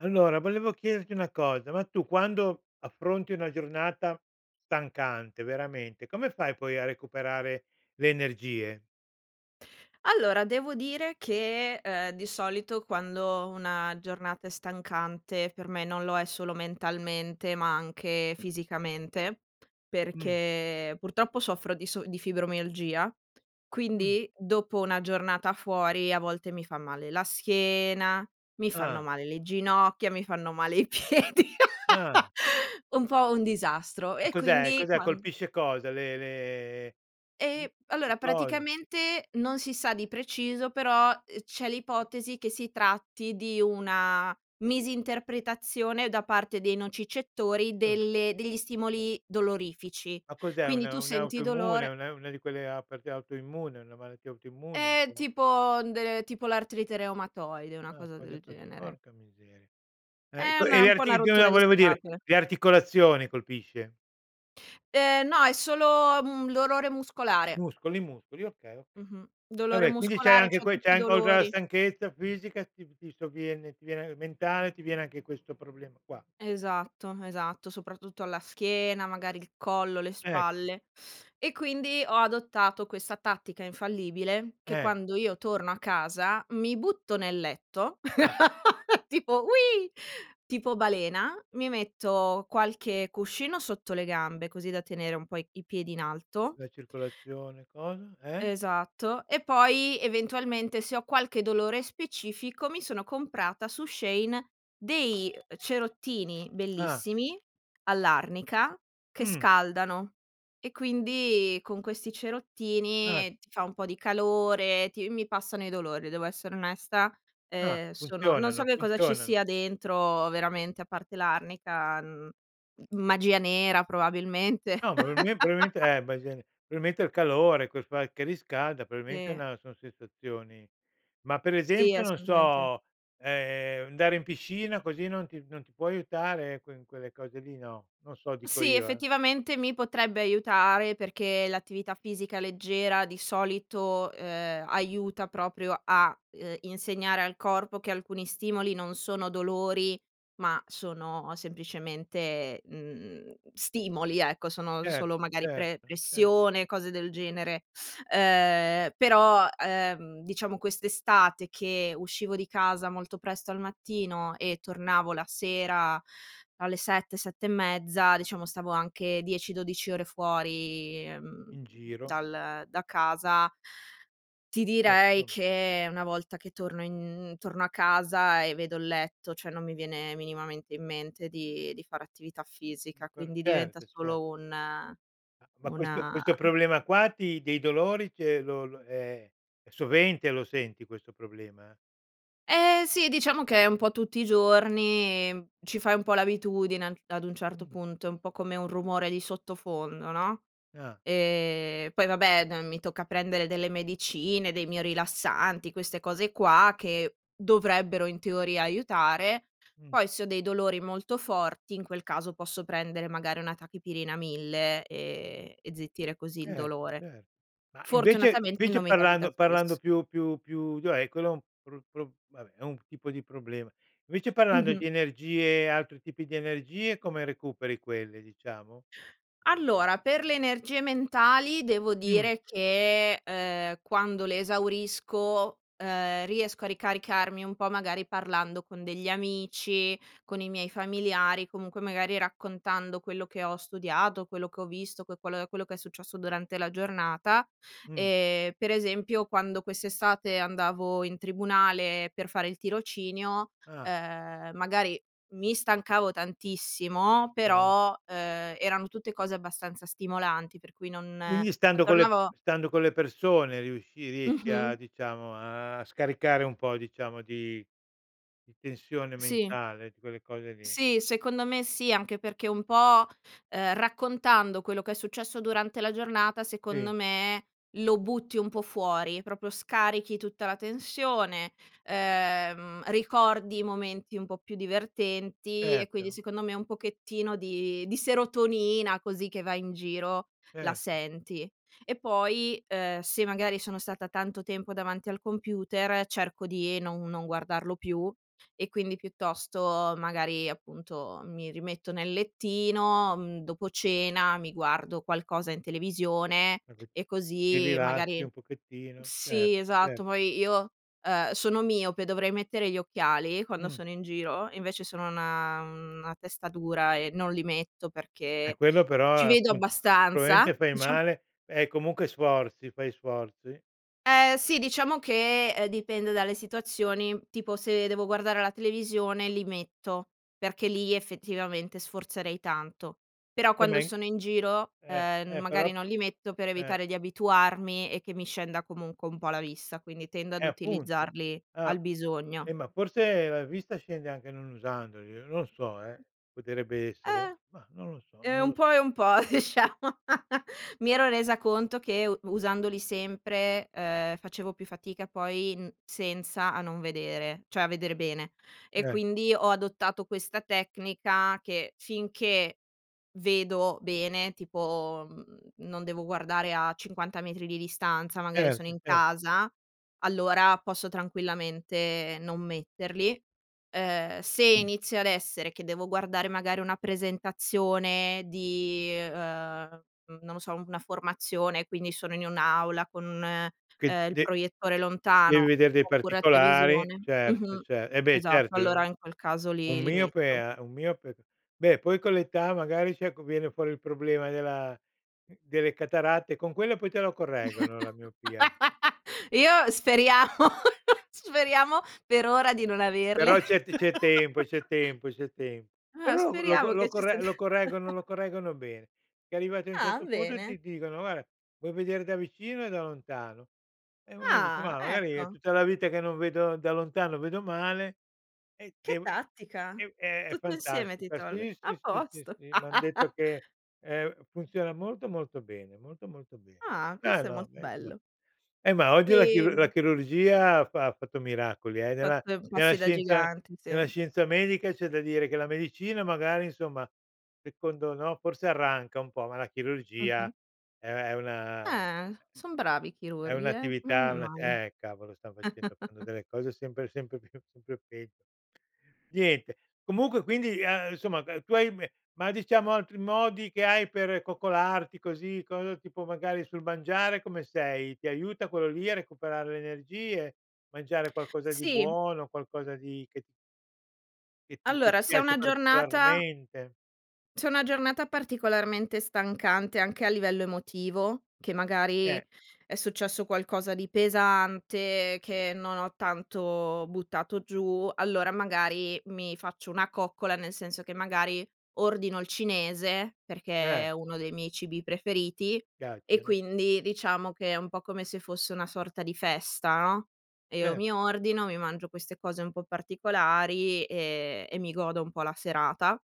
Allora, volevo chiederti una cosa. Ma tu quando affronti una giornata stancante veramente. Come fai poi a recuperare le energie? Allora, devo dire che, ehm, di solito quando una giornata è stancante, per me non lo è solo mentalmente, ma anche fisicamente, Mh. perché purtroppo soffro di so di fibromialgia, Mh. quindi dopo una giornata fuori a volte mi fa male la schiena, mi fanno Ah. male le ginocchia, mi fanno male i piedi, Ah. un po' un disastro E e cos'è quindi cos'è? quan Colpisce cosa? Le le Ehm, i i allora cosi. praticamente non si sa di preciso, però, uhm, c'è [unintelligible] l'ipotesi che si tratti di una misinterpretazione da parte dei nocicettori Oh. delle degli stimoli dolorifici. Ma cos'è un Quindi tu senti un'autoimmune? dolore Una una di quelle a perché è autoimmune? È una malattia autoimmune, il È tuo? tipo de tipo l'artrite reumatoide, una Ah, cosa del cose così. genere. Porca miseria, eh, e È co e una le un po' una arti di no rottura di volevo dire, scatole. le articolazioni colpisce? Ehm, no, è solo un dolore muscolare. Muscoli, muscoli, okay, okay. Mh-mh. Dolore Vabbè, quindi c'hai muscolare, anche c'ho que tutti i c'hai an causa dolori. stanchezza fisica ti v ti sovviene, ti viene a mentale, ti viene anche questo problema qua. Esatto, esatto, soprattutto alla schiena, magari il collo, le Certo. spalle e quindi ho adottato questa tattica infallibile che Eh. quando io torno a casa, mi butto nel letto, Ah. tipo: "Ui!" Tipo balena, mi metto qualche cuscino sotto le gambe, così da tenere un po' i piedi in alto La circolazione, cosa. Eh. Esatto e poi, eventualmente, se ho qualche dolore specifico, mi sono comprata su Shein, dei cerottini Ah. bellissimi, all'arnica, che Mh. scaldano e quindi con questi Ah. cerottini ti fa un po' di calore, ti mi passano i dolori, devo essere onesta, Ah, ehm, sono non so funzionano, che cosa ci funzionano. sia dentro veramente a parte l'arnica, mhmm, magia nera probabilmente. No ma probalme probabilmente eh, [unintelligible] probabilmente è il calore ques qua che riscalda, probabilmente è Sì. una son sensazioni, ma per Sì, esempio, non assolutamente. so, ehm, andare in piscina così, non ti non ti può aiutare quel in quelle cose lì? No. Non so, dico Sì, io, eh. effettivamente mi potrebbe aiutare, perché l'attività fisica leggera di solito, ehm, aiuta proprio a, uhm, insegnare al corpo che alcuni stimoli non sono dolori ma sono semplicemente, mhmm, stimoli ecco, sono Certo, solo magari pre certo, ce pressione, cose del genere. Ehm, però, ehm, diciamo quest'estate che uscivo di casa molto presto al mattino e tornavo la sera alle 7, 7 e mezza diciamo stavo anche 10-12 ore fuori, mhmm, In giro. dal da casa. Ti direi Certo. che una volta che torno in torno a casa e vedo il letto, cioè non mi viene minimamente in mente di di fare attività Lì fisica, per quindi diventa certo, cer solo un Ma ma questo una questo problema qua ti dei dolori cioè, lo lo è è sovente, lo senti questo problema? Eh sì, diciamo che è un po' tutti i giorni ci fai un po' l'abitudine ad ad un certo Mh. punto, è un po' come un rumore di sottofondo, no. Ah. Ehm, poi vabbè n mi tocca prendere delle medicine, dei mio rilassanti, queste cose qua che dovrebbero in teoria aiutare. Mh. Poi se ho dei dolori molto forti, in quel caso posso prendere magari una tachipirina 1000, ehm, e zittire così il Certo, dolore. certo. Ma invece Fortunatamente invece, non mi capita parlando parlando spesso. più più più cioè, quello è un pro pro vabbè, è un tipo di problema. Invece parlando Mh-mh. di energie e altri tipi di energie, come recuperi quelle, diciamo? Allora, per le energie mentali devo Mh. dire che, ehm, quando le esaurisco, ehm, riesco a ricaricarmi un po' magari parlando con degli amici, con i miei familiari, comunque, magari raccontando quello che ho studiato, quello che ho visto, que quello quello che è successo durante la giornata. Mh. Ehm, per esempio quando quest'estate andavo in tribunale per fare il tirocinio, Ah. ehm, magari mi stancavo tantissimo Okay. però, ehm, eran tutte cose abbastanza stimolanti, per cui non Quindi, non stando con le tornavo stando con le persone riusci riesci a, Mh-mh. diciamo a scaricare un po' diciamo, di di tensione Sì. mentale, di quelle cose lì. Sì, secondo me sì, anche perché un po', ehm, raccontando quello che è successo durante la giornata, secondo Sì. me lo butti un po' fuori, proprio scarichi tutta la tensione, ehm, ricordi i momenti un po' più divertenti e quindi Certo. secondo me un pochettino di di serotonina così, che va in giro, la Certo. senti. E poi, ehm, se magari sono stata tanto tempo davanti al computer, cerco di non non guardarlo più e quindi piuttosto magari, appunto, mi rimetto nel lettino, mhmm, dopo cena, mi guardo qualcosa in televisione [unintelligible] e ti così rilassi magari un pochettino. Cer sì cer esatto, poi io, ehm, sono miope, dovrei mettere gli occhiali quando Mh. sono in giro, invece sono una una testa dura e non li metto Eh perché quello ci però vedo appunto. abbastanza; Probabilmente fai diciam male e comunque sforzi; fai sforzi? Eh sì, diciamo che, ehm, dipende dalle situazioni: tipo se devo guardare la televisione li metto, perché lì effettivamente sforzerei tanto; però Eh quando ma in sono in giro, eh, ehm, n eh, però magari p non li metto per eh. evitare di abituarmi e che mi scenda comunque un po' la vista, quindi tendo Eh, ad appunto. utilizzarli Ah. al bisogno. Eh, ma forse la vista scende anche non usandoli, non lo so, eh, potrebbe essere. Eh, Mah, non lo so, ehm, non un lo po' so. e un po', diciamo. Mi ero resa conto che u usandoli sempre, ehm, facevo più fatica poi n senza a non vedere, cioè a veder bene e Eh. quindi ho adottato questa tecnica che, finché vedo bene, tipo, mhmm, non devo guardare a 50 metri di distanza, magari sono Certo, in cer casa, allora posso tranquillamente non metterli. Ehm, se inizio ad essere che devo guardare magari una presentazione di, ehm, n non lo so, una formazione quindi sono in un'aula con, Che ehm, il de proiettore devi lontano vedere dei oppure la particolari. televisione Certo, mh-mh, cer eh beh, esatto. certo Allora u in quel caso un li li miope metto. a un miope beh poi con l'età magari si, ecco viene fuori il problema della delle cataratte, con quelle poi te lo correggono la miopia. Io speriamo, speriamo per ora di non averle. Però c'è t c'è tempo, c'è tempo, c'è tempo. Eh Però lo lo co speriamo lo che ci sia corre t lo correggono lo correggono bene. E arrivati a un Ah certo punto bene! ti dicono: "Guarda vuoi vedere da vicino e da lontano?" E uno dice: Ah "Mah, magari è ecco! tutta la vita che non vedo da lontano vedo male, e Che dev" tattica! è è Tutto insieme ti fantastico. tolgono. Sì, A sì, sì, sì, posto! sì, m'han detto che, ehm, funziona molto, molto bene, molto, molto bene. Ah, Ma questo è no, molto beh insomma, bello. eh ma oggi la chirur la Ehm chirurgia ha fa ha fatto miracoli eh, nella Fatto nella passi da scienza gigante, sì. nella scienza medica, c'è da dire che la medicina magari, insomma secondo no, forse arranca un po', ma la Mh-mh. chirurgia è è una Eh, son bravi i è chirurghi, eh. Non un'attività e è una male. eh cavolo, stan facendo delle delle cose sempre sempre più sempre pe Niente, comunque quindi, ehm, insomma, ehm, tu hai me ma, diciamo altri modi che hai per coccolarti, così, cosa tipo magari sul mangiare, come sei? Ti aiuta quello lì a recuperare le energie? Mangiare qualcosa di Sì. buono, qualcosa di che che ti che ti Allora, se è piace una giornata particolarmente? se è una giornata particolarmente stancante, anche a livello emotivo, che Eh. magari è successo qualcosa di pesante, che non ho tanto buttato giù, allora magari mi faccio una coccola, nel senso che magari ordino il cinese, perché Eh. è uno dei miei cibi preferiti, e Piacciono. quindi diciamo che è un po' come se fosse una sorta di festa, no; e io Cer mi ordino, mi mangio queste cose un po' particolari, ehm, e mi godo un po' la serata.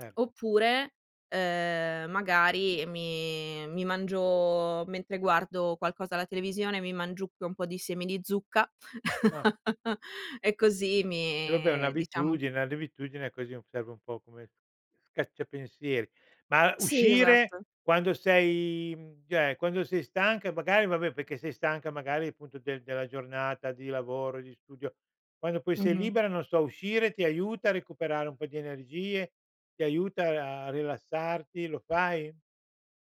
Oppure, ehm, magari mi mi mangio mentre guardo qualcosa alla televisione, mi mangiucchio un po' di semi di zucca Ah. e così Eh, vabbè mi diciamo un'abitudine un'abitudine così serve un po' come scaccia pensieri. Ma Sì, uscire esatto. quando sei, mhmm cioè, quando sei stanca e magari vabbè, perché sei stanca magari, appunto del della giornata di lavoro e di studio, quando poi sei Mh-mh. libera, non so, uscire ti aiuta a recuperare un po' di energie? Ti aiuta a a rilassarti? Lo fai?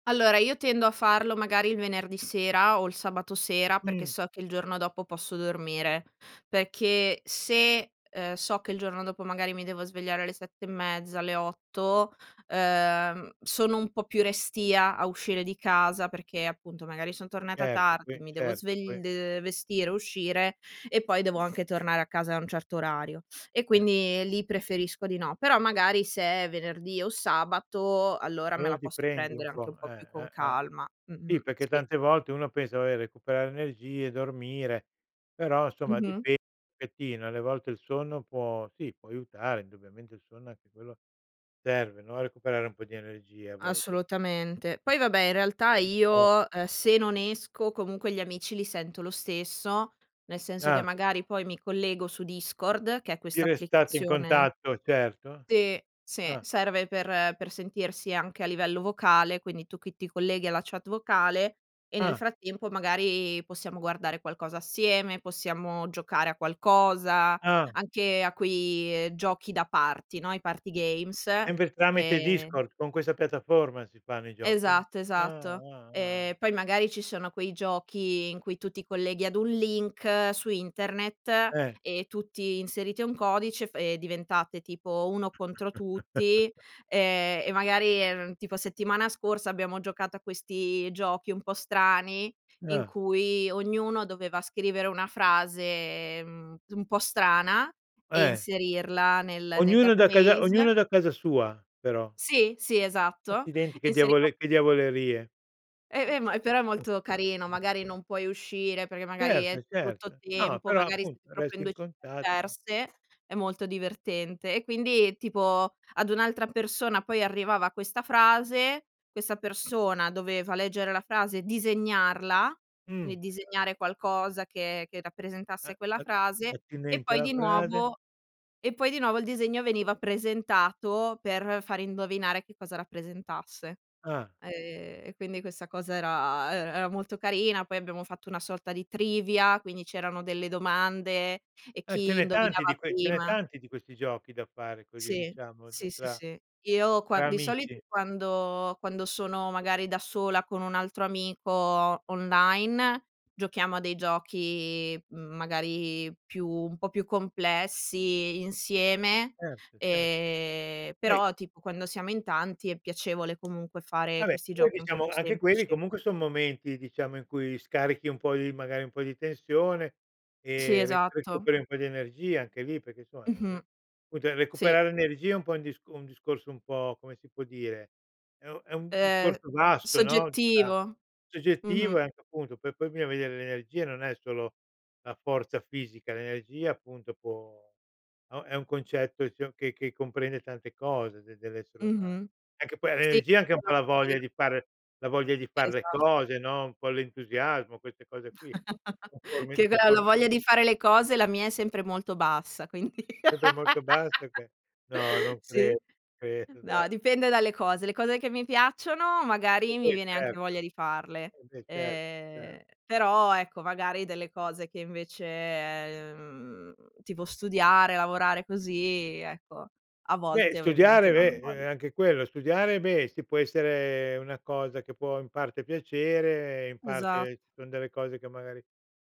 Allora, io tendo a farlo magari il venerdì sera o il sabato sera, perché Mh. so che il giorno dopo posso dormire perché se, ehm, so che il giorno dopo magari mi devo svegliare alle 7 e mezza, alle 8, ehm, sono un po' più restia a uscire di casa, perché appunto, magari son tornata Certo, tardi, poi mi devo certo poi svegl ehm, vestire, uscire, e poi devo anche tornare a casa a un certo orario; e Eh. quindi lì preferisco di no. Però magari se è venerdì o sabato, allora me Allora, la ti posso prendi un prendere anche po', un po' più eh, con eh, eh. calma, Sì, mh-mh, perché sì. tante volte uno pensa: "Vabbè, recuperare energie, dormire", però somma ci Mh-mh. pensi un pochettino e alle volte il sonno può sì può aiutare indubbiamente, il sonno anche quello serve, no, a recuperare un po' di energie, a volte. Assolutamente. Poi vabbè in realtà [unintelligible] io, ehm, se non esco, comunque gli amici li sento lo stesso, nel senso che Ah. magari poi mi collego su Discord, che è Vi questa restate in applicazione contatto, certo. Sì, sì, Ah. serve per per sentirsi anche a livello vocale, quindi tu che ti colleghi alla chat vocale, e nel Ah. frattempo magari possiamo guardare qualcosa assieme, possiamo giocare a qualcosa. Ah. Anche a quei, ehm, giochi da party, no, i party games; Sempre tramite ehm Discord, con questa piattaforma si fanno i giochi? Esatto, Ah, esatto. wow, ah. Ehm, poi magari ci sono quei giochi in cui tu ti i colleghi ad un link su internet Eh. e tutti inserite un codice fa e diventate tipo, 1 contro tutti, ehm, e magari, ehm, tipo settimana scorsa abbiamo giocato a questi giochi un po' strani, in Ah. cui ognuno doveva scrivere una frase, mhmm, un po' strana e Eh. inserirla nel nel Ognuno da casa database. ognuno da casa sua, però. Sì, sì, esatto Accidenti, che inseriva un diavole che diavolerie. E, ehm, ma però è molto carino, [unintelligible] magari non puoi uscire perché magari è Certo, brutto certo. No tempo, però, magari siete appunto, proprio resti in in 2 città contatto. diverse, è molto divertente; e quindi tipo ad un'altra persona poi arrivava questa frase, questa persona doveva leggere la frase e disegnarla, quindi Mh. disegnare qualcosa che che A rappresentasse quella a frase, e attinenti poi alla di frase. nuovo e poi di nuovo il disegno veniva presentato per fare indovinare che cosa rappresentasse. Ah. Ehm, e quindi questa cosa era e era molto carina. Poi abbiamo fatto una sorta di Trivia, quindi c'erano delle domande e Ah, ce chi n'è tanti indovinava di que ce n'è prima tanti di questi giochi da fare così, Sì, diciamo ta sì, sì, tra sì. Io tra quan di solito amici. quando quando sono magari da sola con un altro amico online, giochiamo a dei giochi magari più un po' più complessi insieme; Certo, cer ehm, eh. però tipo quando siamo in tanti è piacevole comunque fare Vabbè, questi poi giochi un po' diciamo più anche quelli semplici. comunque son momenti, diciamo, in cui scarichi un po' di magari un po' di tensione Sì, e re esatto. recuperi un po' di energia anche lì, perché insomma, Mh-mh. vabbè cute Sì. recuperare energia è un po' un dis un discorso un po', come si può dire è un è un Ehm, discorso vasto, no, si sa. soggettivo. Soggettivo, Mh-mh. e anche appunto per poi bisogna veder le energie, non è solo la forza fisica, l'energia appunto può o è un concetto sio che che comprende tante cose de dell'essere umano. Mh-mh. Anche poi Sì l'energia, anche un po' [unintelligible] la voglia considero di fare la voglia di far le Esatto. cose, no, un po' l'entusiasmo, queste cose qui. Conformi Che conform [unintelligible] voglia di fare le cose, la mia è sempre molto bassa quindi Sempre molto bassa che no, non cre sì? non credo, dai. No, dipende dalle cose, le cose che mi piacciono, Eh magari mi beh, viene anche certo. voglia di farle, Eh, beh cer cer ehm, però ecco, magari delle cose che invece, mhmm, tipo studiare, lavorare così, ecco, a Beh, volte ovviamente studiare, non ho beh, e voglia. ehm, anche quello; studiare, beh, sì può essere una cosa che può, in parte piacere, e in Esat parte ci son delle cose che magari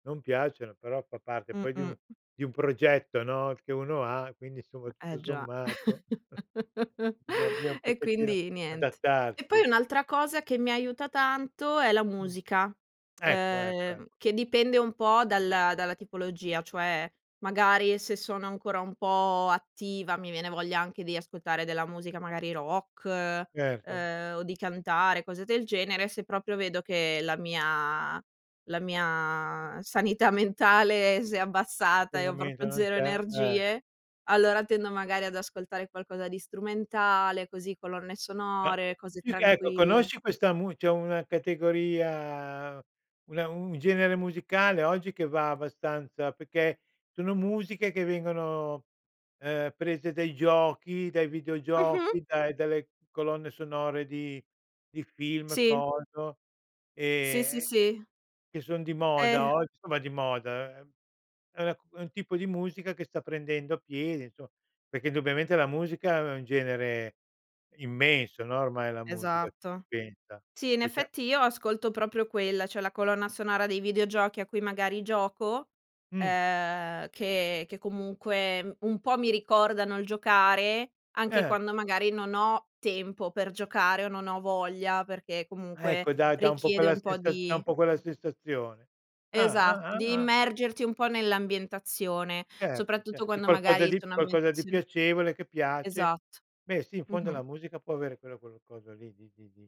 non piacciono, però fa parte poi di un Mh-mh. di un progetto, no, che uno ha, quindi insomma, tutto Eh già, sommato bisogna un e pochettino quindi niente. E adattarsi. poi un'altra cosa che mi aiuta tanto è la Mh. musica, Ecco, ecco, ecco. ehm, che dipende un po' dalla dalla tipologia. Cioè, magari se sono ancora un po' attiva mi viene voglia anche di ascoltare della musica, magari rock, Certo. ehm, o di cantare cose del genere, se proprio vedo che la mia la mia sanità mentale si è abbassata Un e ho momento proprio non 0 c'è. Eh. energie, allora tendo magari ad ascoltare qualcosa di strumentale, così, colonne No, sonore, cose più che ecco, tranquille. conosci questa mu c'è una categoria, una un genere musicale oggi che va abbastanza, perché sono musiche che vengono, ehm, prese dai giochi, dai Mh-mh. videogiochi, dai dalle colonne sonore di di film, Sì. coso, Sì, sì, ehm, che sì. che son di moda Eh. ogg somma di moda, ehm, è una cu è un tipo di musica che sta prendendo piede, insomma, perché indubbiamente la musica è un genere immenso, no, ormai la musica, Esatto. pensa. Sì, in Poi c'è effetti io ascolto proprio quella, cioè la colonna sonora dei videogiochi a cui magari gioco, Mh. ehm, che che comunque un po' mi ricordano il giocare, anche Eh. quando magari non ho tempo per giocare o non ho voglia, perché Ah ecco comunque da da un po' richiede quella un po' sensa da un di po' quella sensazione. Ah, Esatto. ah, Devi ah, ah. immergerti un po' nell'ambientazione, Certo, soprattutto cer di quando qualcosa magari di sono qualcosa di ambientazioni piacevole, che piace, Esatto, beh sì, in fondo mh-mh. la musica può avere quello cul coso lì, di di di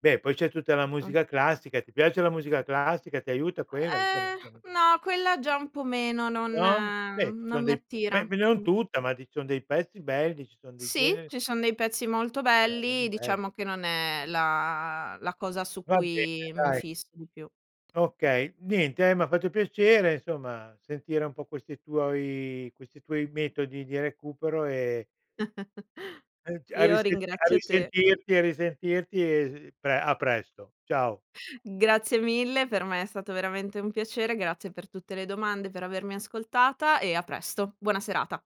beh, poi c'è tutta la Mh. musica classica, ti piace la musica classica? Ti aiuta quella? Diciamo Ehm, siamo no quella già un po' meno, non No? Beh, ci non son mi dei attira. beh meglio, non Mh. tutta ma di ci son dei pezzi belli, ci son dei Sì, generi ci son dei pezzi molto [unintelligible] proprio belli, belli. diciamo che non è la la cosa su Va bene cui mi dai. fisso di più. Okay. Niente, ehm, m'ha fatto piacere insomma, sentire un po' questi tuoi questi tuoi metodi di recupero e e ci a Io risen a ringrazio te. risentirti a risentirti e s pre a presto, ciao. Grazie mille, per me è stato veramente un piacere, grazie per tutte le domande, per avermi ascoltata e a presto. Buona serata.